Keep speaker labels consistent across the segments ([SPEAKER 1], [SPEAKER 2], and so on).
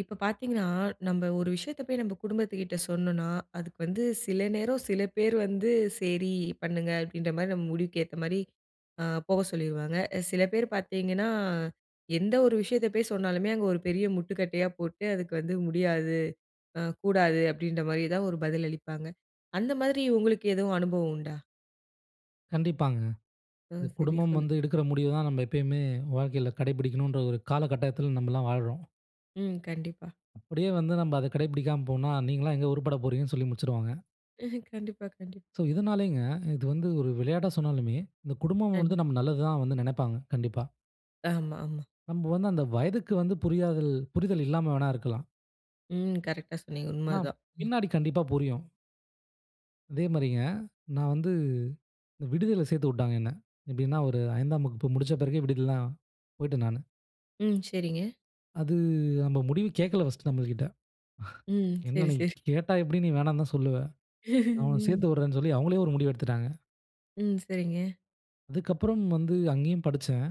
[SPEAKER 1] இப்போ பாத்தீங்கன்னா, நம்ப ஒரு விஷயத்த போய் நம்ப குடும்பத்துகிட்ட சொன்னோன்னா, அதுக்கு வந்து சில நேரம் சில பேர் வந்து "செரி பண்ணுங்க" அப்டின்ற மாரி, நம்ம முடிவுக்கு ஏத்த மாரி ஆ போக சொல்லிருவாங்க. அ சில பேர் பாத்தீங்கன்னா, எந்த ஒரு விஷயத்த போய் சொன்னாலுமே, அங்க ஒரு பெரிய முட்டுக்கட்டையா போட்டு, அதுக்கு வந்து "முடியாது, ஆ கூடாது" அப்டின்ற மாதிரி தான் ஒரு பதில் அளிப்பாங்க. அந்த மாதிரி உங்களுக்கு எதுவும் அனுபவம் உண்டா?
[SPEAKER 2] கண்டிப்பாங்க. அது
[SPEAKER 1] ம். சரி,
[SPEAKER 2] குடும்பம்
[SPEAKER 1] சொல்லுங்க.
[SPEAKER 2] வந்து எடுக்குற முடிவுதான் நம்ப எப்பயுமே வாழ்க்கையில கடைப்பிடிக்கணுன்ற ஒரு கால கட்டாயத்துல நம்பலாம் வாழ்றோம்.
[SPEAKER 1] ம். கண்டிப்பா.
[SPEAKER 2] அப்படியே வந்து நம்ப அத கடைபிடிக்காம போனா, நீங்கலாம் எங்க உருப்பட போறீங்கன்னு சொல்லி முடிச்சிருவாங்க.
[SPEAKER 1] கண்டிப்பா கண்டிப்
[SPEAKER 2] சோ. இதுனாலேங்க இது வந்து ஒரு விளையாட்டா சொன்னாலுமே, இந்த குடும்பம்
[SPEAKER 1] அ.
[SPEAKER 2] வந்து நம்ம நல்லது தான் வந்து நெனப்பாங்க. கண்டிப்பா.
[SPEAKER 1] ஆமா ஆமா.
[SPEAKER 2] நம்ப வந்து அந்த வயதுக்கு வந்து புரிதல்- புரிதல் இல்லாம வேணா இருக்கலாம்
[SPEAKER 1] ம். கரெக்டா சொன்னீங்க, உண்ம
[SPEAKER 2] ஆனா,
[SPEAKER 1] அதான்! ம்.
[SPEAKER 2] பின்னாடி கண்டிப்பா புரியும். அதே மாரிங்க. நான் வந்து இந்த விடுதில சேத்து உட்டாங்க என்ன. எப்டின்னா, ஒரு 5- ஆம் வகுப்பு முடிச்ச பிறகு விடுதில தான் போய்ட்டேன் நானு.
[SPEAKER 1] ம், சரிங்க.
[SPEAKER 2] அது நம்ப முடிவு கேக்ககல ஃபர்ஸ்ட் நம்ளகிட்ட!
[SPEAKER 1] ம்,
[SPEAKER 2] என்ன
[SPEAKER 1] சரி
[SPEAKER 2] நீ
[SPEAKER 1] சரி.
[SPEAKER 2] கேட்டா எப்டியு நீ வேணான் தான் சொல்லுவ.
[SPEAKER 1] ஹ்ஹம்
[SPEAKER 2] நான் உன்ன
[SPEAKER 1] ம்.
[SPEAKER 2] சேத்து உட்ரேன் சொல்லி, அவுங்களே ஒரு முடிவு எடுத்துட்டாங்க.
[SPEAKER 1] ம் சரிங்க.
[SPEAKER 2] அதுக்கப்புறம் வந்து அங்கேயும் படிச்சன்.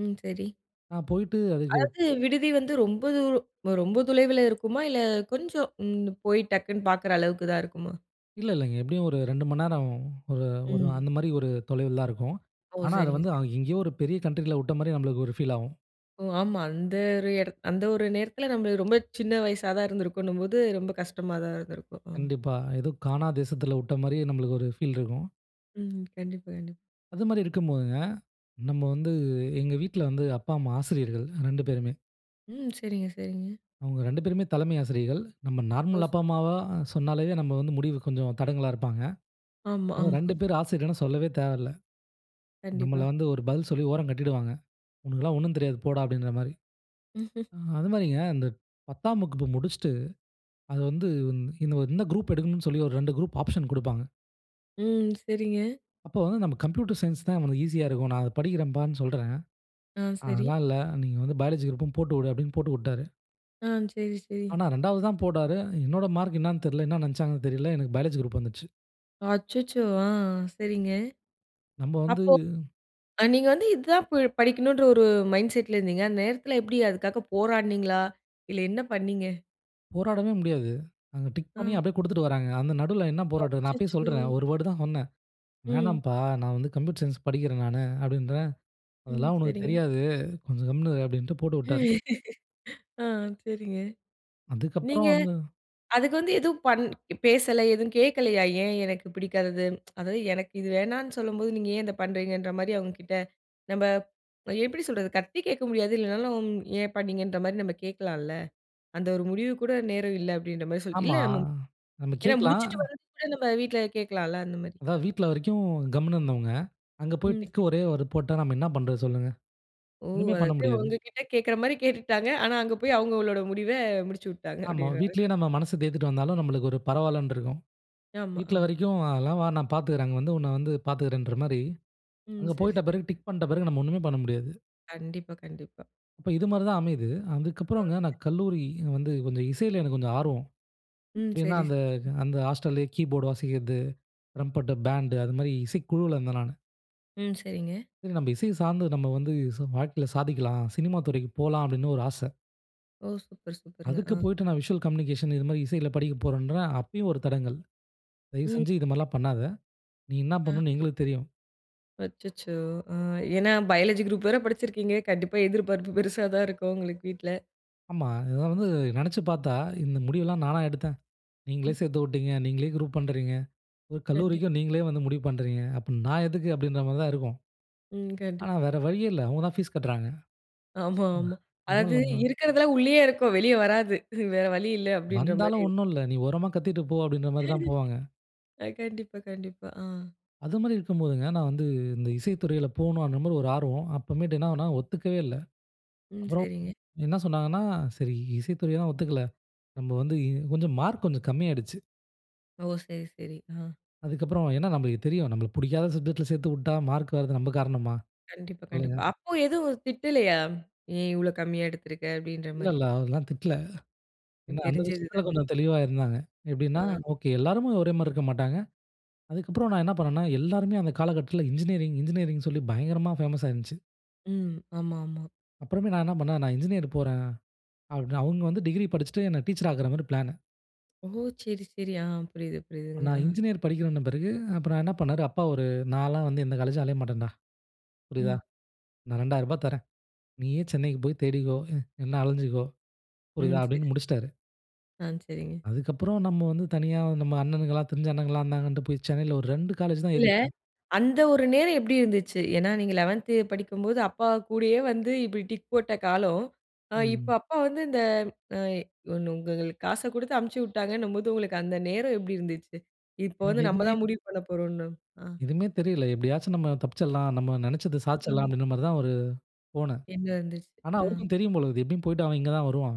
[SPEAKER 1] ம் சரி.
[SPEAKER 2] நான் போயிட்டு அதுக்கு.
[SPEAKER 1] அதாது விடுதி வந்து ரொம்ப தூரம். ரொம்ப துளைவுல இருக்குமா? இல்ல கொஞ்சம் ம். போய் டக்குனு பார்க்குற அளவுக்கு தான் இருக்குமா?
[SPEAKER 2] இல்ல, இல்லைங்க. எப்டியும் ஒரு 2 மணி நேரம். ஒரு ஒரு
[SPEAKER 1] ம்.
[SPEAKER 2] அந்த மாரி ஒரு தொலைவு தான் இருக்கும்.
[SPEAKER 1] ஓ!
[SPEAKER 2] ஆனா, அத
[SPEAKER 1] சரிங்க
[SPEAKER 2] வந்து
[SPEAKER 1] சரிங்க.
[SPEAKER 2] எங்கேயோ ஒரு பெரிய கண்ட்ரி ல உட்ட மாரி நம்மளுக்கு ஒரு ஃபீல் ஆவும்.
[SPEAKER 1] ஓ! ஆமா. அந்த ஒரு எடத், அந்த ஒரு நேரத்துலயும் நம்ம ரொம்ப சின்ன வயசா தான் இருந்துருக்கோம்ன்னும் போது ரொம்ப கஷ்டமா தான் இருந்திருக்கும். ம்.
[SPEAKER 2] கண்டிப்பா. ஏதோ காணா தேசத்துல உட்ட மாரியே நம்மளுக்கு ஒரு ஃபீல் இருக்கும்.
[SPEAKER 1] ம் கண்டிப்பா கண்டிப
[SPEAKER 2] அது மாரி இருக்கும்போதுங்க, நம்ம வந்து எங்க வீட்ல வந்து அப்பா, அம்மா, ஆசிரியர்கள் 2 பேருமே.
[SPEAKER 1] ம் சரிங்க, சரிங்க.
[SPEAKER 2] அவங்க 2 பேருமே தலைமை ஆசிரியர்கள். நம்ம
[SPEAKER 1] ஓ!
[SPEAKER 2] Normal
[SPEAKER 1] super.
[SPEAKER 2] அப்பா, அம்மாவா சொன்னாலே நம்ம வந்து முடிவு கொஞ்சம் தடங்கலா இருப்பாங்க.
[SPEAKER 1] ஆமா
[SPEAKER 2] அதான்.
[SPEAKER 1] ஆமா.
[SPEAKER 2] 2 பேர் ஆசிரியர்கள்னு சொல்லவே தேவையில்ல. நம்மைள
[SPEAKER 1] கண்டிப்பா.
[SPEAKER 2] வந்து ஒரு பதில் சொல்லி ஓரம் கட்டிடுவாங்க. உனக்கெல்லாம் ஒன்னும் தெரியாது போடா அப்டின்ற மாரி.
[SPEAKER 1] ம் ஹ்ம்.
[SPEAKER 2] அ அதுலயும் ஏன் அந்த 10 வகுப்பு முடிச்சிட்டு, அத வந்து இந்த குரூப் எடுக்கணுன்னு சொல்லி ஒரு 2 குரூப் ஆப்ஷன் குடுப்பாங்க.
[SPEAKER 1] ம் சரிங்க.
[SPEAKER 2] அப்போ நம்ம கம்ப்யூட்டர் சயன்ஸ் தான் ஈசியா இருக்கும். நான் அத படிக்கிறேன்பான்னு சொல்றன்.
[SPEAKER 1] ஆ சரி.
[SPEAKER 2] அதெல்லாம் இல்ல நீங்க வந்து பயாலஜி குரூப் போட்டுவுடு அப்டின்னு போட்டு உட்டாரு.
[SPEAKER 1] ஆ செரி, செரி.
[SPEAKER 2] ஆனா, 2வது தான் போட்டாரு. என்னோட மார்க் என்னன்னு தெரியல. என்ன நெனச்சாங்கன்னு தெரியல. எனக்கு பயாலஜி குரூப் வந்துச்சு.
[SPEAKER 1] அச்சச்சோ! ஆ செரிங்க.
[SPEAKER 2] நம்ம வந்து
[SPEAKER 1] அப்போ, அ நீங்க வந்து "இதுதான் ப- படிக்கணும்"ன்ற ஒரு மைண்ட் செட் ல இருந்தீங்க. அந்த நேரத்தில எப்டி அதுக்காக போராடுனீங்களா? இல்ல என்ன பண்ணீங்க?
[SPEAKER 2] போராடவே முடியாது. அங்கே டிக் பண்ணி
[SPEAKER 1] ம்.
[SPEAKER 2] அப்படியே குடுத்துட்டு வர்றாங்க. அந்த நடுவுல என்ன போராட்டம். நான் அப்பயே
[SPEAKER 1] அச்சச்சோ!
[SPEAKER 2] சொல்றேன். "ஒரு தடவை தான் சொன்னேன்.
[SPEAKER 1] ம்.
[SPEAKER 2] 'வேண்ணாம்ப்பா, நான் வந்து கம்ப்யூட்டர் சயின்ஸ் படிக்கறேன் நானு" அப்படின்றேன்.
[SPEAKER 1] ம்
[SPEAKER 2] அதெல்லாம் "உனக்கு
[SPEAKER 1] செரிங்க.
[SPEAKER 2] தெரியாது. கொஞ்சம் கம்முனு இரு" அப்டின்ட்டு போட்டுவுட்டாரு.
[SPEAKER 1] ஆ செரிங்க.
[SPEAKER 2] அதுக்கப்புறம்
[SPEAKER 1] நீங்க
[SPEAKER 2] வந்து
[SPEAKER 1] அதுக்கு வந்து எதுவும் பண்-பேசல எதுவும் கேட்கலையா? "ஏன் எனக்கு பிடிக்காதது? அதாவது, எனக்கு இது வேணான்னு சொல்லும்போது, நீங்க ஏன் இதை பண்ணுறீங்க"ன்ற? மாதிரி அவங்க கிட்ட நம்ம எப்படி சொல்றது? சத்தமா கேக்க முடியாது, இல்லனாலும் ஏன் பண்ணீங்கன்ற? மாதிரி நம்ம கேட்கலால்ல. அந்த ஒரு முடிவுக்கு கூட நேரம் இல்ல அப்படின்ற மாதிரி சொல்ல இல்ல
[SPEAKER 2] ஆமா,
[SPEAKER 1] நம்ம
[SPEAKER 2] நம்ம
[SPEAKER 1] ஏன்னா
[SPEAKER 2] கேக்கலாம்.
[SPEAKER 1] முடிச்சிட்டு வர்றதுகுள்ள, நம்ம வீட்டில் கேட்கலாம்ல அந்த மாரி.
[SPEAKER 2] அதான் வீட்டில வரைக்கும் கம்முனு இருந்தவங்க. அங்க போய்
[SPEAKER 1] ம்
[SPEAKER 2] டிக் கு
[SPEAKER 1] செரி.
[SPEAKER 2] ஒரே ஒரு போட்டா, நம்ம என்ன பண்றது சொல்லுங்க?
[SPEAKER 1] ஓ!
[SPEAKER 2] ஒன்னுமே பண்ண
[SPEAKER 1] அதாவது
[SPEAKER 2] முடியாது.
[SPEAKER 1] ஒங்ககிட்ட கேட்கிற மாரி கேட்டுட்டாங்க. ஆனா அங்கே போய் அவங்களோட முடிவ முடிச்சு விட்டாங்க. அப்டி.
[SPEAKER 2] ஆமா, வீட்டிலயே
[SPEAKER 1] [unintelligible]
[SPEAKER 2] நம்ம மனசை தேத்திட்டு வந்தாலும், நம்மளுக்கு ஒரு பரவாயில்லன்னு இருக்கும்.
[SPEAKER 1] ஆமா,
[SPEAKER 2] "வீட்டில
[SPEAKER 1] ஆமா.
[SPEAKER 2] வரைக்கும் அதெல்லாம் வா நான் பார்த்துக்கிறேன். அங்க வந்து உன்னை வந்து பார்த்துக்கிறேன்ற" மாரி,
[SPEAKER 1] ம்
[SPEAKER 2] அங்க போயிட்ட
[SPEAKER 1] சரிங்க.
[SPEAKER 2] பிறகு டிக் பண்ணிட்ட பிறகு நம்ம ஒன்னுமே பண்ண முடியாது.
[SPEAKER 1] கண்டிப்பா, கண்டிப்பா.
[SPEAKER 2] இப்ப, இது மாரி தான் அமையுது. அதுக்கப்றங்க,
[SPEAKER 1] [unintelligible]
[SPEAKER 2] நான் கல்லூரி வந்து கொஞ்ச இசைல எனக்கு கொஞ்ச ஆர்வம்.
[SPEAKER 1] ம்
[SPEAKER 2] ஏனா
[SPEAKER 1] சரி
[SPEAKER 2] அந்த,
[SPEAKER 1] சரி.
[SPEAKER 2] அந்த ஹாஸ்டல்லயே கீபோர்டு வாசிக்கிறது. ரம்பட்ட பேண்டு அது மாரி இசைக்குழுவுல இருந்தேன் நானு.
[SPEAKER 1] ம் சரிங்க.
[SPEAKER 2] நம்ம இசைய சார்ந்து, நம்ம வந்து சு வாழ்க்கையில சாதிக்கலாம். சினிமா துறைக்கு போலா, அப்டினு ஒரு ஆச.
[SPEAKER 1] ஓ! சூப்பர் சூப்பருங்க
[SPEAKER 2] அதுக்கு
[SPEAKER 1] ஆ.
[SPEAKER 2] போய்ட்டு, நான் விசுவல் கம்யூனிகேஷன் இது மாரி இசையில படிக்கப் போறேன்ற அப்பயும் ஒரு தடங்கல்.
[SPEAKER 1] ம்
[SPEAKER 2] தயவுசெஞ்சு,
[SPEAKER 1] சரி.
[SPEAKER 2] இதுமாரிலா பண்ணாத. நீ என்னா
[SPEAKER 1] அ.
[SPEAKER 2] பண்ணணுனு எங்களுக்கு தெரியும்.
[SPEAKER 1] அச்சச்சோ! அ, ஏன்னா பயாலஜி குரூப் வேற படிச்சிருக்கீங்க. கண்டிப்பா எதிர்பார்ப்பு பெருசா தான் இருக்கும். உங்களுக்கு, வீட்ல.
[SPEAKER 2] ஆமா. இதலா வந்து நெனச்சு பாத்தா, இந்த முடிவுலாம் நானா எடுத்தேன். நீங்களே
[SPEAKER 1] ம்.
[SPEAKER 2] சேர்த்து விட்டீங்க. நீங்களே குரூப் பண்றீங்க. ஒரு
[SPEAKER 1] கண்டிப்
[SPEAKER 2] கல்லூரிக்கு, நீங்களே வந்து முடிவு பண்றீங்க. அப்ப நான் எதுக்கு? அப்படின்ற மாரி தான் இருக்கும்.
[SPEAKER 1] ம். கண்டிப்
[SPEAKER 2] ஆனா, வேற வழியே இல்ல. அவங்கதா ஃபீஸ் கட்றாங்க.
[SPEAKER 1] ஆமா,
[SPEAKER 2] ஆமா
[SPEAKER 1] ஆமா. அதாது,
[SPEAKER 2] அதுனாலென்ன
[SPEAKER 1] இருக்கிறதெல்லாம் உள்ளயே இருக்கும். வெளிய வராது. வேற வழி இல்ல. அப்டின்ற மாரி
[SPEAKER 2] வந்தாலும்
[SPEAKER 1] இருக்கு.
[SPEAKER 2] ஒண்ணும் இல்ல. நீ ஓரமா கத்திட்டு போ, அப்டின்ற மாரி தான் போவாங்க.
[SPEAKER 1] அ, கண்டிப்பா, கண்டிப்பா. ஆ.
[SPEAKER 2] அதுமாரி இருக்கம்போதுங்க, நான் வந்து, இந்த இசைத்துறையில போணும்ன்ற மாரி ஒரு ஆர்வம். அப்போமேட்டு என்னாகுனா, ஒத்துக்கவே இல்ல.
[SPEAKER 1] ம்
[SPEAKER 2] அப்புறம்
[SPEAKER 1] சரிங்க.
[SPEAKER 2] என்ன சொன்னாங்கன்னா, சரி இசைத்துறையை தான் ஒத்துக்கல. நம்ம வந்து கொஞ்ச மார்க் கொஞ்ச கம்மியாடுச்சு.
[SPEAKER 1] ஓ! செரி செரி அ.
[SPEAKER 2] அதுக்கு அப்புறம் ஏன்னா நம்மளுக்குத் தெரியும். நம்மளுக்கு பிடிக்காத சப்ஜெக்ட்ல் சேர்த்து விட்டா மார்க் வர்றாதது நம்ம காரணமா?
[SPEAKER 1] கண்டிப்பா,
[SPEAKER 2] சொல்லுங்க.
[SPEAKER 1] கண்டிப்பா. அப்போ எதுவும் திட்டலையா? ஏன் இவ்வளவு கம்மியா எடுத்திருக்க அப்படின்ற
[SPEAKER 2] இல்ல,
[SPEAKER 1] மாரி.
[SPEAKER 2] இல்ல அதெல்லாம் திட்டல.
[SPEAKER 1] ம்
[SPEAKER 2] ஏன்னா, அந்த
[SPEAKER 1] தெரிஞ்சது
[SPEAKER 2] விஷயத்தில
[SPEAKER 1] தானே.
[SPEAKER 2] கொஞ்சம் தெளிவா இருந்தாங்க. எப்படின்னா?
[SPEAKER 1] அ.
[SPEAKER 2] "ஓகே. எல்லாருமே ஒரே மாரி இருக்க மாட்டாங்க." அதுக்கப்புறம் நான் என்ன பண்ணேன்னா, எல்லோருமே அந்த காலகட்டத்தில இன்ஜினியரிங், இன்ஜினியரிங்னு சொல்லி பயங்கரமா ஃபேமஸா இருந்துச்சு.
[SPEAKER 1] ம் ஆமாமா.
[SPEAKER 2] அப்புறமே நான் என்ன பண்னேன், நான் இன்ஜினியர் போறேன். அப்பிடின்னு அவங்க வந்து "டிகிரி படிச்சுட்டு என்ன டீச்சர் ஆக்கற மாரி பிளானு."
[SPEAKER 1] ஓ! செரி செரி. ஆ, புரியுது புரியுதுங்க
[SPEAKER 2] நான்
[SPEAKER 1] ஆங்.
[SPEAKER 2] இன்ஜினியரிங் படிக்கவந்த பிறகு அப்புறம் என்ன பண்னாரு, "அப்பா ஒரு நான்ல்லாம் வந்து எந்த காலேஜ்ஜும் அலைய மாட்டேன்டா, புரியுதா?
[SPEAKER 1] ம்.
[SPEAKER 2] நான் ரூ. 2,000 தர்றேன். நீயே சென்னைக்குப் போய் தேடிக்கோ, இல்லன்ன அலைஞ்சுக்கோ புரியுதா?"
[SPEAKER 1] ம் செரி.
[SPEAKER 2] அப்படின்னு முடிச்சுட்டாரு.
[SPEAKER 1] ஆ செரிங்க.
[SPEAKER 2] அதுக்கப்புறம் நம்ம வந்து தனியா நம்ம அண்ணனுங்களலாம், தெரிஞ்ச அண்ணங்கலாம் இருந்தாங்கன்ட்டு போய் சென்னையில் ஒரு 2 காலேஜ் தான்
[SPEAKER 1] இல்ல,
[SPEAKER 2] ஏறியிருப்பேங்க.
[SPEAKER 1] அந்த ஒரு நேரம் எப்டி இருந்துச்சு? ஏன்னா நீங்க 11 படிக்கும்போது அப்பா கூடயே வந்து இப்படி டிக் போட்ட காலம். இப்போ
[SPEAKER 2] ம்.
[SPEAKER 1] அப்பா வந்து இந்த அ ஒண்ணு உங்களுக்கு காச கொடுத்து அனுப்பிச்சி விட்டாங்கன்னும்போது, உங்களுக்கு அந்த நேரம் எப்படி இருந்துச்சு? இப்போ
[SPEAKER 2] எனக்கு
[SPEAKER 1] வந்து நம்ம
[SPEAKER 2] எதுவுமே
[SPEAKER 1] தான் முடிவு பண்ண போறோம்ணு அ.
[SPEAKER 2] எதுவுமே தெரியல. எப்படியாச்சும் நம்ம தப்பிச்சரலாம். நம்ம நெனச்சத சாதிச்சிடலாம்
[SPEAKER 1] ம்.
[SPEAKER 2] அப்டின்ற மாரி தான், ஒரு போனே.
[SPEAKER 1] எண்ணம் இருந்துச்சு?
[SPEAKER 2] ஆனா
[SPEAKER 1] அ.
[SPEAKER 2] அவருக்கும் தெரியும் போல இருக்கு. எப்படியும் போயிட்டு அவன் இங்க தான் வருவான்.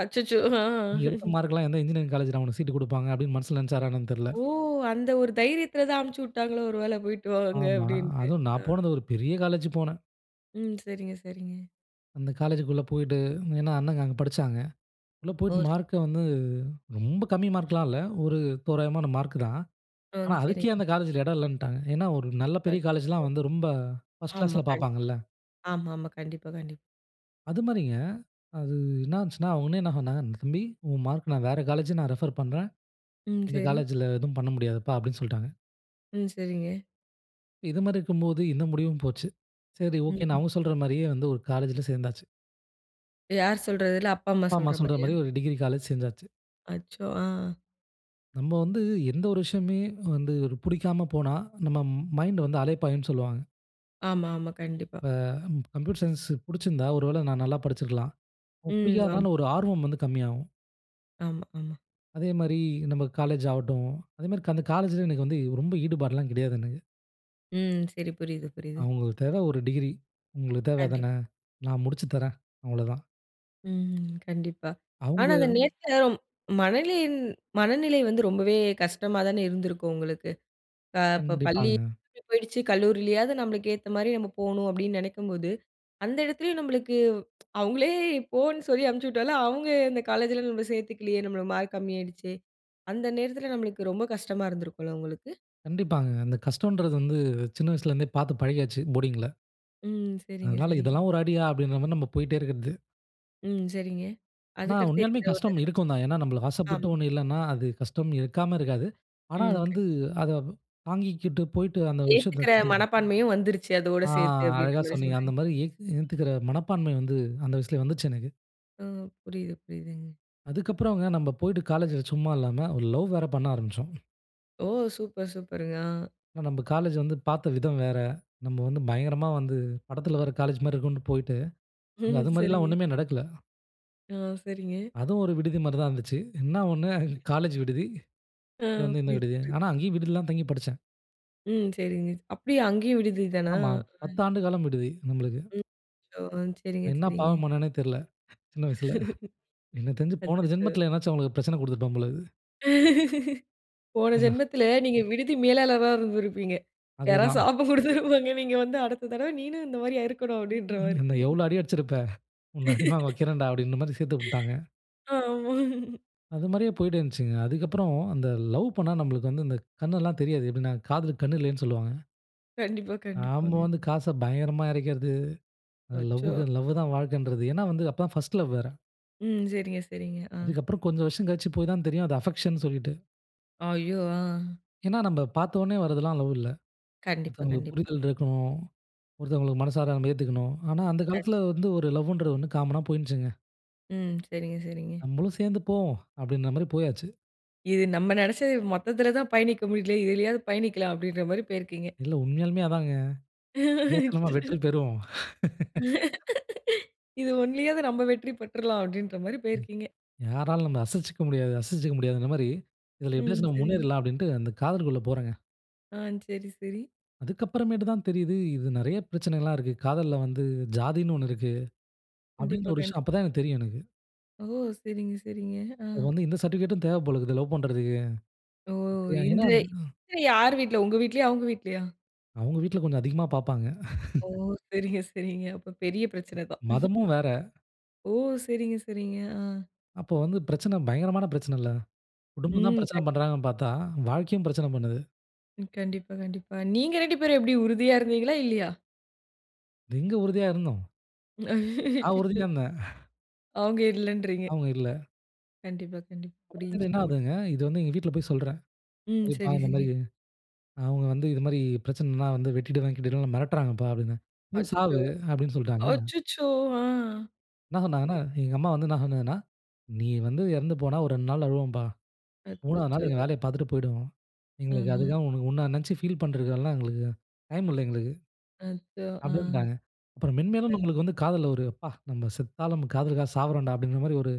[SPEAKER 1] அச்சச்சோ! ஹங்.
[SPEAKER 2] நீ எடுத்த மார்க்குல்லாம் எந்த இன்ஜினியரிங் காலேஜ்ல உனுக்கு சீட் கொடுப்பாங்க அப்படின்னு மனசுல நெனச்சாரா என்னன்னு தெரியல?
[SPEAKER 1] ஓ! அந்த ஒரு தைரியத்தில தான் அனுப்பிச்சு விட்டாங்களோ! ஒரு வேளை போயிட்டு வாங்க
[SPEAKER 2] ஆமா.
[SPEAKER 1] அப்படின்ட்டு.
[SPEAKER 2] அதுவும் நான் போனது ஒரு பெரிய காலேஜ் போனேன்.
[SPEAKER 1] ம் சரிங்க, சரிங்க.
[SPEAKER 2] அந்த காலேஜ்க்குள்ளே போய்ட்டு. ஏன்னா, அண்ணங்க அங்க படிச்சாங்க. உள்ள
[SPEAKER 1] ஓ!
[SPEAKER 2] போய்ட்டு
[SPEAKER 1] சரி.
[SPEAKER 2] மார்க்க வந்து ரொம்ப கம்மி மார்க்லாம் இல்ல. ஒரு தோராயமான மார்க் தான்.
[SPEAKER 1] ஆ
[SPEAKER 2] ஆனா, அதுக்கே
[SPEAKER 1] சரிங்க.
[SPEAKER 2] அந்த காலேஜ்ல இடம் இல்லன்னுட்டாங்க. ஏன்னா, ஒரு நல்ல பெரிய
[SPEAKER 1] அச்சச்சோ!
[SPEAKER 2] காலேஜ்ல்லாம் வந்து ரொம்ப பர்ஸ்ட்
[SPEAKER 1] ஆமா,
[SPEAKER 2] கிளாஸ்ல
[SPEAKER 1] கண்டிப்பா.
[SPEAKER 2] பார்ப்பாங்கள்ல.
[SPEAKER 1] ஆமாமா கண்டிப்பா, கண்டிப்பா.
[SPEAKER 2] அது மாதிரிங்க, அது என்ன ஆச்சுன்னா, [unintelligible] தம்பி உன் மார்க் நான் வேற காலேஜ் நான் ரெஃபர் பண்ணுறேன்.
[SPEAKER 1] ம்
[SPEAKER 2] இந்த
[SPEAKER 1] சரி.
[SPEAKER 2] காலேஜ்ல எதும் பண்ண முடியாதுப்பா அப்படினு சொல்ட்டாங்க.
[SPEAKER 1] ம் சரிங்க.
[SPEAKER 2] இது மாரி இருக்கும்போது, இந்த முடிவும் போச்சு. சரி, ஒகேன்னு
[SPEAKER 1] ம்ஹ்ம்.
[SPEAKER 2] அவங்க சொல்ற மாரியே வந்து ஒரு காலேஜ்ல சேர்ந்தாச்சு.
[SPEAKER 1] இப்ப யார் சொல்றது? இல்ல அப்பா அம்மா
[SPEAKER 2] அப்பா, அம்மா
[SPEAKER 1] சொல்ற
[SPEAKER 2] சொல்ற
[SPEAKER 1] மாதிரியா?
[SPEAKER 2] மாதிரி ஒரு டிகிரி காலேஜ் சேர்ந்தாச்சு.
[SPEAKER 1] அச்சோ! ஆ.
[SPEAKER 2] நம்ம வந்து எந்த ஒரு விஷயமே வந்து ஒரு பிடிக்காம போனா, நம்ம மைண்ட் வந்து அலைப்பாயும்ன்னு சொல்லுவாங்க.
[SPEAKER 1] ஆமாமா கண்டிப்பா.
[SPEAKER 2] இப்ப ம் கம்ப்யூட்டர் சயின்ஸ் புடிச்சிருந்தா, ஒருவேள நான் நல்லா படிச்சிருக்கலாம். அ
[SPEAKER 1] ம் ஆமா.
[SPEAKER 2] பிடிக்காதனால ஒரு ஆர்வம் வந்து கம்மியாகும்.
[SPEAKER 1] ஆமா, ஆமா.
[SPEAKER 2] அதேமாரி நம்ம காலேஜ் ஆவட்டும், அதே மாரி அந்த காலேஜ்ல எனக்கு வந்து ரொம்ப ஈடுபாடுலாம் கெடையாதுங்க.
[SPEAKER 1] ம். சரி. புரியுது, புரியுது.
[SPEAKER 2] அவுங்களுக்கு தேவை ஒரு டிகிரி "உங்களுக்கு தேவ அத்தானே.
[SPEAKER 1] கண்டிப்பா.
[SPEAKER 2] நான் முடிச்சு தரேன்" அவ்ளோதான்.
[SPEAKER 1] ம் கண்டிப்பா. ஆனா,
[SPEAKER 2] அவுங்க
[SPEAKER 1] அந்த நேரத்துல மனதின் மனநிலை வந்து ரொம்பவே கஷ்டமா தானே இருந்திருக்கும், உங்களுக்கு. இப்போ பள்ளி
[SPEAKER 2] கண்டிப்பாங்க.
[SPEAKER 1] [unintelligible] போயிடுச்சு, கல்லூரிலேயாவது நம்மளுக்கு ஏத்த மாரி நம்ம போணும் அப்டின்னு நெனைக்கும்போது, அந்த எடத்துலேயும் நம்மளுக்கு அவங்களே போன்னு சொல்லி அனுப்பிச்சுட்டாலும் அவங்க அந்த காலேஜ்ல நம்ம சேர்த்துக்கலையே நம்மளுக்கு மார்க் கம்மி ஆயிடுச்சு. அந்த நேரத்தில நம்மளுக்கு ரொம்ப கஷ்டமா இருந்திருக்கும்ல, உங்களுக்கு.
[SPEAKER 2] கண்டிப்பாங்க. அந்த கஷ்டம்ன்றது வந்து சின்ன வயசுல இருந்தே பார்த்து பழகியாச்சு, போர்டிங் ல.
[SPEAKER 1] ம். சரிங்க,
[SPEAKER 2] அதனால
[SPEAKER 1] சரிங்க.
[SPEAKER 2] இதெல்லாம் ஒரு அடியா? அப்டின்ற மாரி, நம்ம போயிட்டே இருக்குறது.
[SPEAKER 1] ம் சரிங்க.
[SPEAKER 2] ஆனா,
[SPEAKER 1] அதுக்கடுத்து
[SPEAKER 2] உண்மையாலுமே
[SPEAKER 1] எந்த ஒரு
[SPEAKER 2] கஷ்டம்
[SPEAKER 1] இது?
[SPEAKER 2] இருக்கும் தான். ஏன்னா, நம்மளுக்கு ஆசைப்பட்ட
[SPEAKER 1] ஆமா.
[SPEAKER 2] ஒண்ணு இல்லைன்னா, அது கஷ்டம் இருக்காம இருக்காது. ஆனா அத
[SPEAKER 1] ம்.
[SPEAKER 2] வந்து அத தாங்கிக்கிட்டு போயிட்டு அந்த விஷயத்தை
[SPEAKER 1] ஏத்துக்கற
[SPEAKER 2] கத்து
[SPEAKER 1] மனப்பான்மையும் வந்துருச்சு, அதோட
[SPEAKER 2] ஆ,
[SPEAKER 1] சேர்த்து அப்படின்ற
[SPEAKER 2] அழகா
[SPEAKER 1] மாரி
[SPEAKER 2] சொன்னீங்க. அந்த
[SPEAKER 1] சொல்றீங்க.
[SPEAKER 2] மாரி ஏத் ஏத்துக்கிற மனப்பான்மை வந்து, அந்த வயசுலயே வந்துச்சு எனக்கு.
[SPEAKER 1] ஆ புரியுது, புரியுதுங்க.
[SPEAKER 2] அதுக்கு அப்புறங்க, நம்ப போயிட்டு காலேஜ்ல சும்மா இல்லாம, ஒரு லவ் வேற பண்ண ஆரம்பிச்சோம்.
[SPEAKER 1] ஓ! சூப்பர், சூப்பருங்க. ஆ.
[SPEAKER 2] நம்ம காலேஜ் வந்து பார்த்த விதம் வேற. நம்ம வந்து பயங்கரமா வந்து படத்தில வருற காலேஜ் மாரி இருக்கும்னு போய்ட்டு, அங்க அது மாரிலாம்
[SPEAKER 1] சரிங்க.
[SPEAKER 2] ஒண்ணுமே நடக்கல.
[SPEAKER 1] ஆ, சரிங்க.
[SPEAKER 2] அதுவும் ஒரு விடுதி மாரி தான் இருந்துச்சு. என்ன ஒண்ணு காலேஜ் விடுதி,
[SPEAKER 1] ஆ,
[SPEAKER 2] இது வந்து இந்த
[SPEAKER 1] புரியுது,
[SPEAKER 2] விடுதி.
[SPEAKER 1] புரியுது.
[SPEAKER 2] ஆனா அங்கேயும் விடுதி தான் தங்கி படிச்சேன்.
[SPEAKER 1] ம். சரிங்க. அப்டியா அங்கேயும் விடுதி தானா?
[SPEAKER 2] ஆமா.
[SPEAKER 1] [unintelligible]
[SPEAKER 2] 10ஆண்டு காலம் விடுது நம்மளுக்கு.
[SPEAKER 1] ம். ச்சோ. ஆ, சரிங்க,
[SPEAKER 2] நான் என்ன
[SPEAKER 1] சரிங்க.
[SPEAKER 2] பாவம் பண்ணேனே தெரியல சின்ன வயசில. எனக்குத் தெரிஞ்சு போன
[SPEAKER 1] அச்சச்சோ.
[SPEAKER 2] ஜென்மத்தில ஏதாவது அவங்களுக்கு பிரச்சனை குடுத்திருப்பேன் போல இருக்கு.
[SPEAKER 1] போன
[SPEAKER 2] [unintelligible]
[SPEAKER 1] ஜென்மத்தில நீங்க விடுதி மேலாளரா இருந்திருப்பீங்க. யாராவது
[SPEAKER 2] அதுதான்.
[SPEAKER 1] சாபம் குடுத்திருப்பாங்க. நீங்க வந்து, அடுத்த தடவ நீனும் இந்த மாரி ஆயுருக்கனும் அப்டின்ற மாரி.
[SPEAKER 2] என்ன எவ்ளோ அடி அடிச்சிருப்ப உன்ன அடி வாங்க வைக்கிறேன்டா. அப்டின்ற மாரி சேர்த்து விட்டாங்க.
[SPEAKER 1] ஆமாம்.
[SPEAKER 2] அது மாரியே போயிட்டு இருந்துச்சுங்க. அதுக்கப்புறம் அந்த லவ் பண்ணா நமக்கு வந்து இந்தகண்ணெல்லாம் தெரியாது. எப்டின "காதலுக்கு கண் இல்லைன்னு சொல்வாங்க."
[SPEAKER 1] கண்டிப்பா.
[SPEAKER 2] நம்ம
[SPEAKER 1] கண்டிப்பாங்க.
[SPEAKER 2] வந்து காச பயங்கரமா இறைக்கிறது. லவ்
[SPEAKER 1] அச்சோ.
[SPEAKER 2] க லவ் தான் வாழ்க்கைன்றது. ஏனா வந்து, அப்போ தான் பர்ஸ்ட் லவ் வேற.
[SPEAKER 1] ம். சரிங்க, சரிங்க. ஆ.
[SPEAKER 2] அதுக்கப்புறம் கொஞ்சம் வருஷம் கழிச்சு போய் தான் தெரியும். அது அஃபெக்ஷன்னு சொல்லிட்டு.
[SPEAKER 1] ஐயோ! ஆ.
[SPEAKER 2] ஏனா, நம்ம பார்த்தோனே வரதெல்லாம் லவ் இல்ல.
[SPEAKER 1] கண்டிப்பா,
[SPEAKER 2] ஒருத்தவங்களுக்கு
[SPEAKER 1] கண்டிப்பாங்க.
[SPEAKER 2] புரிதல் இருக்கணும். ஒருத்தவங்களுக்கு மனசார நம்ம ஏத்துக்கணும். ஆனா, அந்த
[SPEAKER 1] கண்டிப்பா.
[SPEAKER 2] காலத்தில வந்து ஒரு லவுன்றது ஒண்ணு காம்மன்னா போயிடுச்சுங்க
[SPEAKER 1] ம் சரிங்க சரிங்க.
[SPEAKER 2] நம்மளும் சேர்ந்து போவோம், அப்டின்ற மாரி போயாச்சு.
[SPEAKER 1] இது நம்ம நெனைச்சது மொத்தத்துல தான் பயணிக்க முடியல, இதுலயாவது பயணிக்கலாம் அப்டின்ற மாரி போயிருக்கீங்க.
[SPEAKER 2] இல்ல உண்மையாலுமே அதாங்க. இதுலயாச்சும் நம்ப வெற்றி பெறுவோம்.
[SPEAKER 1] இது 1லயாது நம்ப வெற்றி பெற்றலாம் அப்டின்ற மாரி
[SPEAKER 2] ம்.
[SPEAKER 1] போயிருக்கீங்க.
[SPEAKER 2] யாராலும் நம்மள அசச்சுக்க முடியாது, அசச்சுக்க முடியாதுங்குற மாரி இதில
[SPEAKER 1] ம்
[SPEAKER 2] எப்டியாச்சும் நம்ம
[SPEAKER 1] செரிங்க.
[SPEAKER 2] முன்னேறிறலாம் அப்டின்ட்டு அந்த காதலுக்குள்ள போறேங்க.
[SPEAKER 1] ஆ செரி, செரி.
[SPEAKER 2] அதுக்கு அப்புறமேட்டு தான் தெரியிது, இது நெறைய பிரச்சனைலாம் இருக்கு. காதல்ல வந்து ஜாதின்னு 1 இருக்கு. அப்டின்ற
[SPEAKER 1] கண்டிப்பா,
[SPEAKER 2] ஒரு விஷயம் அப்ப
[SPEAKER 1] கண்டிப்பா.
[SPEAKER 2] தான் எனக்கு தெரியும் எனக்கு.
[SPEAKER 1] ஓ! செரிங்க, செரிங்க ஆ.
[SPEAKER 2] இப்ப வந்து எந்த சர்டிபிகேட்டும் தேவ போல இருக்கு லவ் பண்றதுக்கு.
[SPEAKER 1] ஓ!
[SPEAKER 2] அப்டியா ஏன்னா
[SPEAKER 1] இன்றே, யார் வீட்ல உங்க வீட்லயா? அவங்க வீட்லயா?
[SPEAKER 2] அவங்க வீட்ல கொஞ்சம் அதிகமா பார்ப்பாங்க.
[SPEAKER 1] ஓ! சரிங்க, சரிங்க அப்ப பெரிய பிரச்சன தான்.
[SPEAKER 2] மதமும் வேற.
[SPEAKER 1] ஓ! சரிங்க சரிங்க ஆ.
[SPEAKER 2] அப்போ வந்து பிரச்சனை பயங்கரமான பிரச்சனைல்ல. குடும்பம் தான்
[SPEAKER 1] ம்
[SPEAKER 2] பிரச்சனை
[SPEAKER 1] கண்டிப்
[SPEAKER 2] பண்ணுறாங்கன்னு பார்த்தா வாழ்க்கையும் பிரச்சனை பண்ணுது.
[SPEAKER 1] ம் கண்டிப்பா கண்டிப்பா. நீங்க 2 பேரும் எப்டி உறுதியா இருந்தீங்களா? இல்லையா?
[SPEAKER 2] எங்க உறுதியா இருந்தோம்? நா
[SPEAKER 1] அச்சச்சோ!
[SPEAKER 2] உறுதியா இருந்தேன்.
[SPEAKER 1] அவங்க இல்லன்றீங்க.
[SPEAKER 2] அவுங்க இல்ல.
[SPEAKER 1] கண்டிப்பா, கண்டிப்பா.
[SPEAKER 2] அப்புறமேட்டு
[SPEAKER 1] புரிஞ்சிக்க
[SPEAKER 2] என்ன
[SPEAKER 1] முடியுது.
[SPEAKER 2] ஆகுதுங்க, இது வந்து எங்க வீட்ல போய் சொல்றேன்.
[SPEAKER 1] ம்
[SPEAKER 2] சரிப்பா
[SPEAKER 1] செரி,
[SPEAKER 2] இந்த
[SPEAKER 1] செரி.
[SPEAKER 2] மாரி, அவங்க வந்து "இது மாரி பிரச்சனைனா வந்து வெட்டிடுவே கிட்டிடுவேனு மிரட்றாங்கப்பா" அப்டினே. "போய்
[SPEAKER 1] அச்சச்சோ!
[SPEAKER 2] சாவு" அப்டின்னு சொல்ட்டாங்க.
[SPEAKER 1] அச்சச்சோ ஆ.
[SPEAKER 2] என்ன சொன்னாங்கன்னா,
[SPEAKER 1] சரி.
[SPEAKER 2] எங்க அம்மா வந்து என்ன சொன்னாங்கன்னா, "நீ வந்து எறந்து போனா ஒரு 2 நாள் அழுவோம்பா. 3 நாள்
[SPEAKER 1] அச்சச்சோ!
[SPEAKER 2] எங்க வேலைய பார்த்துட்டு போயிடுவோம். எங்களுக்கு
[SPEAKER 1] ம்ஹ்ம்.
[SPEAKER 2] அதுக்காக உன்ன நெனச்சு ஃபீல் பண்ணுறதுக்குலா எங்களுக்கு டைம் இல்ல எங்களுக்கு"
[SPEAKER 1] அச்சோ! ஆ.
[SPEAKER 2] அப்டினுடாங்க. அப்புறம் மென்மேலும்
[SPEAKER 1] கண்
[SPEAKER 2] நம்மளுக்கு வந்து காதல்ல ஒரு அப்பா! நம்ம செத்தாலும் காதலுக்காக சாவரேண்டா! அப்டிங்கிற மாரி ஒரு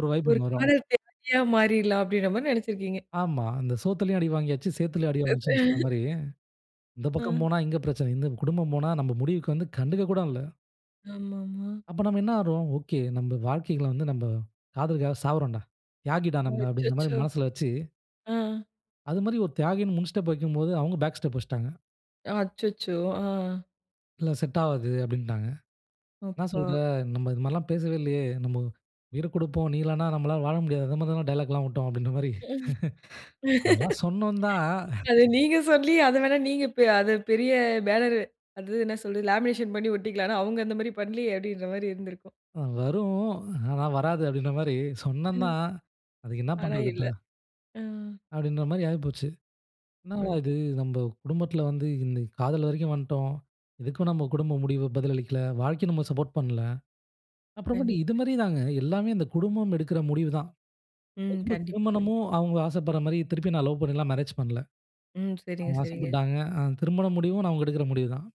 [SPEAKER 2] ஒரு வைப்
[SPEAKER 1] ஒரு
[SPEAKER 2] ஒண்ணு வரும்
[SPEAKER 1] காதல் தியாகியா மாறிடலாம் அப்டிங்ற மாரி நெனச்சிருக்கீங்க?
[SPEAKER 2] ஆம்மா. "அந்த சோத்துலயு அடி வாங்கியாச்சு, சேத்துலயும் அடி வாங்கியாச்சுனு" சொன்ன மாரி, இந்த பக்கம்
[SPEAKER 1] அ.
[SPEAKER 2] போனா இங்க பிரச்சன. இந்த குடும்பம் போனா நம்ம முடிவுக்கு வந்து கண்டுகக் கூட இல்ல.
[SPEAKER 1] ஆமாமா.
[SPEAKER 2] அப்ப நம்ம என்ன ஆகுறோம்? ஓகே நம்ம வாழ்க்கைள வந்து நம்ப காதலுக்காக சாவுரோண்டா. தியாகிடா நம்ம அப்டிங்கிற மாரி
[SPEAKER 1] அச்சச்சோ!
[SPEAKER 2] மனசில வச்சு
[SPEAKER 1] ஆ.
[SPEAKER 2] அது மாரி ஒரு தியாகினு முன் ஸ்டெப் வைக்கும்போது அவங்க பேக் ஸ்டெப் வச்சுட்டாங்க.
[SPEAKER 1] அச்சச்சோ! ஆ.
[SPEAKER 2] இல்ல செட் ஆவாது அப்டின்னுட்டாங்க. என்ன
[SPEAKER 1] அப்பா!
[SPEAKER 2] சொல்ற? நம்ம இது மாரில்லா பேசவே இல்லயே. நம்மோ உயிர குடுப்போம், நீ இல்லனா நம்மால வாழ முடியாது. அந்த மாரிலா டயலாக்லா விட்டோம் அப்டின்ற மாரி
[SPEAKER 1] ம்.
[SPEAKER 2] அதெல்லாம் சொன்னோம் தா
[SPEAKER 1] அத நீங்க சொல்லி அத வேணா நீங்க பெ அத பெரிய பேனர் அந்தது என்ன சொல்றது? லேமினேஷன் பண்ணி ஒட்டிக்கலானு அவங்க அந்த மாரி பண்ணலயே! அப்டிங்கிற மாரி இருந்துருக்கும்.
[SPEAKER 2] வரும் ஆனா வராது அப்டின்ற மாரி,
[SPEAKER 1] ம்.
[SPEAKER 2] சொன்னந்தாந் அதுக்கு என்ன
[SPEAKER 1] ஆனா
[SPEAKER 2] பண்றது
[SPEAKER 1] இல்ல
[SPEAKER 2] இப்ப?
[SPEAKER 1] ம்.
[SPEAKER 2] அப்டின்ற மாரி ஆயி போச்சு. என்னடா
[SPEAKER 1] அத்
[SPEAKER 2] இது நம்ப குடும்பத்தில வந்து இந்த காதல் வரைக்கு வந்துட்டோம். இதுக்கும் நம்ம குடும்ப முடிவு பதிலளிக்கல. வாழ்க்கை நம்ம சப்போர்ட் பண்ணல. அப்புறமாட்டு இது
[SPEAKER 1] கண்டிப்பாங்க.
[SPEAKER 2] மாரி தாங்க எல்லாமே இந்த குடும்பம் எடுக்குற முடிவுதா.
[SPEAKER 1] ம்
[SPEAKER 2] அதுக்கப்புறம்
[SPEAKER 1] கண்டிப்பா, கண்டிப்
[SPEAKER 2] திருமணமும் அவங்க ஆசப்படுற மாரி திருப்பி நா லவ் பண்ணிலா மேரேஜ் பண்ணல.
[SPEAKER 1] ம். செரிங்க,
[SPEAKER 2] அவங்க
[SPEAKER 1] செரிங்க.ன்
[SPEAKER 2] ஆசைப்பட்டாங்க அ திருமணம் முடிவு அவங்க எடுக்குற முடிவுதான்.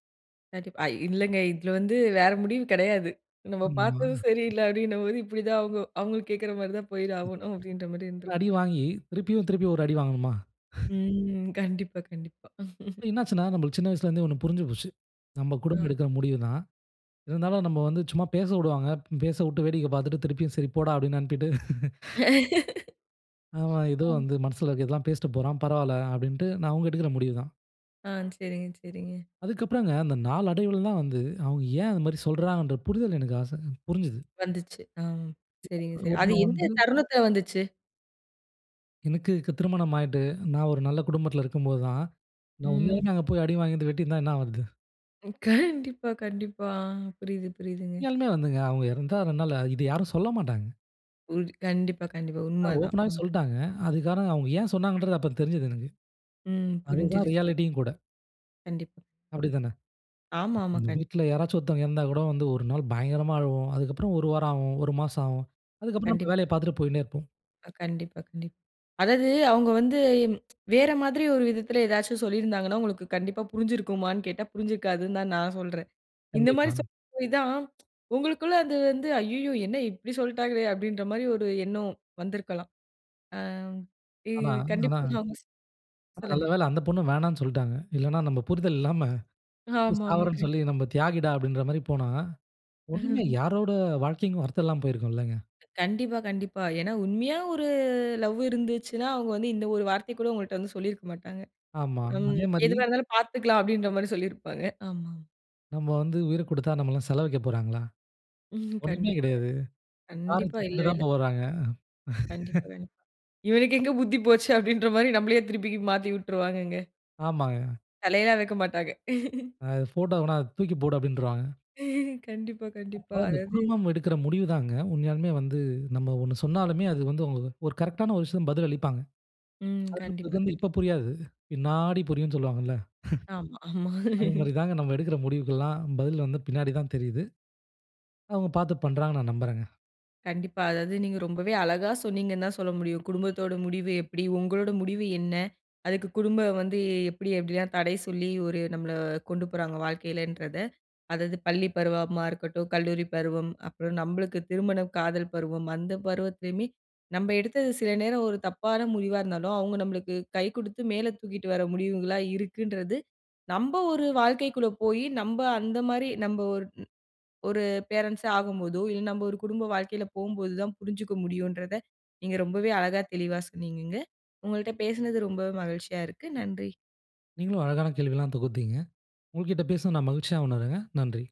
[SPEAKER 1] கண்டிப்பா. அ இல்லங்க இதுல வந்து வேற முடிவு கெடையாது. நம்ம
[SPEAKER 2] ஆமா.
[SPEAKER 1] பார்த்ததும் சரியில்ல அப்டின்னும் போது இப்டி தான் ஆகும். அவுங்களும் கேட்கற மாரி தான் போயிதாகணும் அப்டின்ற மாரி
[SPEAKER 2] இவ்ளோ
[SPEAKER 1] இருந்திருக்கு.
[SPEAKER 2] அடி வாங்கி திருப்பியும், திருப்பியும் ஒரு அடி வாங்கணுமா?
[SPEAKER 1] ம் கண்டிப்பா கண்டிப்பா.
[SPEAKER 2] இப்ப என்ன ஆச்சுன்னா? நம்மளுக்கு சின்ன வயசுல இருந்தே ஒண்ணு புரிஞ்சு போச்சு. நம்ப
[SPEAKER 1] அ.
[SPEAKER 2] குடும்பம் எடுக்கிற முடிவு தான். இருந்தாலும் நம்ம வந்து சும்மா பேசவுடுவாங்க. பேசவுட்டு வேடிக்க பார்த்துட்டு திருப்பியும் சரி போடா அப்டின்னு அனுப்பிட்டு ஆமா, ஏதோ
[SPEAKER 1] ம்.
[SPEAKER 2] வந்து மனசுல இருக்கறதெல்லாம் பேசிட்டு போறான், பரவால்ல. அப்டின்ட்டு ஆனா அவங்க எடுக்குற முடிவு தான்.
[SPEAKER 1] ஆ செரிங்க செரிங்க.
[SPEAKER 2] அதுக்கப்புறம்ங்க அந்த நாளடைவில தான் வந்து அவங்க ஏன் அது மாரி சொல்றாங்கன்ற புரிதல் எனக்கு ஆச புரிஞ்சுது.
[SPEAKER 1] வந்துச்சு. ஆ
[SPEAKER 2] இப்ப
[SPEAKER 1] சரிங்க
[SPEAKER 2] ஒரு [unintelligible]
[SPEAKER 1] சரி, அது
[SPEAKER 2] எடத்துல
[SPEAKER 1] எந்த
[SPEAKER 2] வந்து,
[SPEAKER 1] தருணத்தில வந்துச்சு?
[SPEAKER 2] எனக்கு இக்கு திருமணம் ஆயிட்டு, நான் ஒரு நல்ல குடும்பத்தில இருக்கும்போதுதான் நான்
[SPEAKER 1] ம்.
[SPEAKER 2] உண்மையாலுமே அங்க போய் அடி வாங்கிட்டு வெட்டியிருந்தா என்ன ஆவரது.
[SPEAKER 1] கண்டிப்பா கண்டிப்பா, ஆ புரியிது புரியிதுங்க.
[SPEAKER 2] உண்மையாலுமே வந்துங்க அவங்க இருந்தா [unintelligible] இத யாரும் சொல்ல மாட்டாங்க.
[SPEAKER 1] புரிது. கண்டிப்பா, கண்டிப்பா உண்ம
[SPEAKER 2] அவங்க
[SPEAKER 1] அதான்.
[SPEAKER 2] ஓப்பனாவே
[SPEAKER 1] ம்.
[SPEAKER 2] சொல்ட்டாங்க. அதுக்கு காரணம் அவங்க ஏன் சொன்னாங்கன்றது அப்பறம் தெரிஞ்சது எனக்கு.
[SPEAKER 1] ம்
[SPEAKER 2] அது தான்
[SPEAKER 1] புரிஞ்சுருச்சு.
[SPEAKER 2] ரியாலிட்டி யும் கூட.
[SPEAKER 1] கண்டிப்பா ம்.
[SPEAKER 2] அப்டித்தானே.
[SPEAKER 1] ஆமாமா கண்
[SPEAKER 2] வீட்ல யாராச்சும் ஒருத்தங்க இறந்தா கூட வந்து 1 நாள் பயங்கரமா அழுவோம். அதுக்கப்புறம் 1 வாரம் ஆகும். 1 மாசம் ஆகும். அதுக்கப்புறம் நம்ம
[SPEAKER 1] கண்டிப்பா.
[SPEAKER 2] வேலைய பார்த்துட்டு போயின்னே இருப்போம்.
[SPEAKER 1] அ கண்டிப்பா, கண்டிப் அதாவது அவங்க வந்து வேற மாதிரி ஒரு விதத்தில ஏதாச்சு சொல்லியிருந்தாங்கனா, உங்களுக்கு கண்டிப்பா புரிந்திருக்குமானு கேட்டா புரிஞ்சிருக்காதுனு தான் நான் சொல்றேன். இந்த மாரி
[SPEAKER 2] கண்டிப்பா.
[SPEAKER 1] சொல்ல போயிதான், உங்களுக்குள்ள அது வந்து, ஐய்யயோ! என்ன இப்டி சொல்ட்டாங்களே, அப்டின்கிற மாரி ஒரு எண்ணம் வந்திருக்கலாம். ஆ, இது
[SPEAKER 2] ஆனா ஆனா
[SPEAKER 1] கண்டிப்பா
[SPEAKER 2] ஆனா நல்ல
[SPEAKER 1] சொல்லுங்க.
[SPEAKER 2] வேள அந்த பொண்ணு வேணானு சொல்ட்டாங்க, இல்லனா நம்ப புரிதல் இல்லாம,"எப்டி
[SPEAKER 1] ஆமாமா.
[SPEAKER 2] சாவுறேனு
[SPEAKER 1] கரெக்
[SPEAKER 2] சொல்லி நம்ம தியாகிடா", அப்டின்ற மாரி போனா, இன்னுமே யாரோட வாழ்க்கைக்கும், அர்த்தம் இல்லாம போயிருக்கும்லங்க.
[SPEAKER 1] கண்டிப்பா, கண்டிப்பா. ஏனா உண்மையா ஒரு லவ் இருந்துச்சுனா, அவங்க வந்து இந்த ஒரு வார்த்தை கூட உங்கள்ட்ட சொல்லியிருக்க மாட்டாங்க.
[SPEAKER 2] ஆமா.
[SPEAKER 1] ம்,
[SPEAKER 2] அதே மாரி,
[SPEAKER 1] எதுவா இருந்தாலும் பார்த்துக்கலாம், அப்டின்ற மாரி சொல்லியிருப்பாங்க. ஆமா.
[SPEAKER 2] நம்ம வந்து உயிர குடுத்தா, நம்மளுக்கு செல வைக்க போறாங்களா?
[SPEAKER 1] ம்
[SPEAKER 2] ஒன்னுமே
[SPEAKER 1] கண்டிப்பா,
[SPEAKER 2] கிடையாது,
[SPEAKER 1] கண்டிப்
[SPEAKER 2] கார
[SPEAKER 1] கண்டிப்பா
[SPEAKER 2] தூக்கிட்டு
[SPEAKER 1] இல்லவே இல்ல.
[SPEAKER 2] தான் போறாங்க
[SPEAKER 1] கண்டிப்பா வேணும். "இவருக்கு எங்க புத்தி போச்சு" அப்டின்ற மாரி, நம்மளையே திருப்பி மாத்தி வுட்டுருவாங்கங்க.
[SPEAKER 2] ஆமாங்க.
[SPEAKER 1] தலையெல்லாம் எடுக்க மாட்டாங்க
[SPEAKER 2] அ ஃபோட்டோ வேணா, அது தூக்கி போடு அப்டின்ருவாங்க.
[SPEAKER 1] கண்டிப்பா,
[SPEAKER 2] அப்ப
[SPEAKER 1] கண்டிப்பா.
[SPEAKER 2] அந்த
[SPEAKER 1] அதாவது
[SPEAKER 2] குடும்பம் எடுக்குற முடிவு தாங்க, உண்மையாலுமே வந்து நம்ம ஒண்ணு சொன்னாலுமே, அது வந்து ஒரு கரெக்ட் ஆன ஒரு விஷயத்துக்கு பதில் அளிப்பாங்க.
[SPEAKER 1] ம் கண்டிப்பா,
[SPEAKER 2] அது வந்து
[SPEAKER 1] கண்டிப்
[SPEAKER 2] இப்ப புரியாது, பின்னாடி புரியும்னு சொல்லுவாங்கள்ல
[SPEAKER 1] ஆமா, ஆமா
[SPEAKER 2] அது மாரி தாங்க, நம்ம எடுக்குற முடிவுகளெலாம், பதில் வந்து பின்னாடிதான் தெரியுது. அவங்க பார்த்து பண்ணுறாங்கணு நான் நம்புறேங்க.
[SPEAKER 1] கண்டிப்பா, அதாவது நீங்க ரொம்பவே அழகா சொன்னீங்கன்னு தான் சொல்ல முடியும். குடும்பத்தோட முடிவு எப்டி, உங்களோட முடிவு என்ன. அதுக்கு குடும்பம் வந்து எப்டி எப்டிலாம் தடை சொல்லி, ஒரு நம்மள கொண்டு போறாங்க வாழ்க்கையிலன்றத. அதாவது பள்ளி பருவமா இருக்கட்டும், கல்லூரி பருவம், அப்புறம் நம்மளுக்கு திருமணம், காதல் பருவம் அந்த பருவத்திலுமே நம்ம எடுத்தது சில நேரம் ஒரு தப்பான முடிவா இருந்தாலும், அவங்க நம்மளுக்கு கை குடுத்து மேல தூக்கிட்டு வர முடிவுகளா இருக்குன்றது, நம்ப ஒரு வாழ்க்கைக்குள்ள போய் நம்ப அந்த மாரி, நம்ம ஒரு ஒரு பேரன்ட்ஸ் ஆகும்போதோ, இல்ல நம்ப ஒரு குடும்ப வாழ்க்கையில போவும்போது தான் புரிஞ்சிக்க முடியும்ன்றத, நீங்க ரொம்பவே அழகா தெளிவா சொன்னீங்கங்க, உங்கள்ட்ட பேசனது ரொம்ப மகிழ்ச்சியா இருக்கு, நன்றி.
[SPEAKER 2] நீங்களும் அழகான கேள்விலாம் தொகுத்தீங்க, உங்ககிட்ட பேச நான் மகிழ்ச்சியா உணர்றேங்க, நன்றி.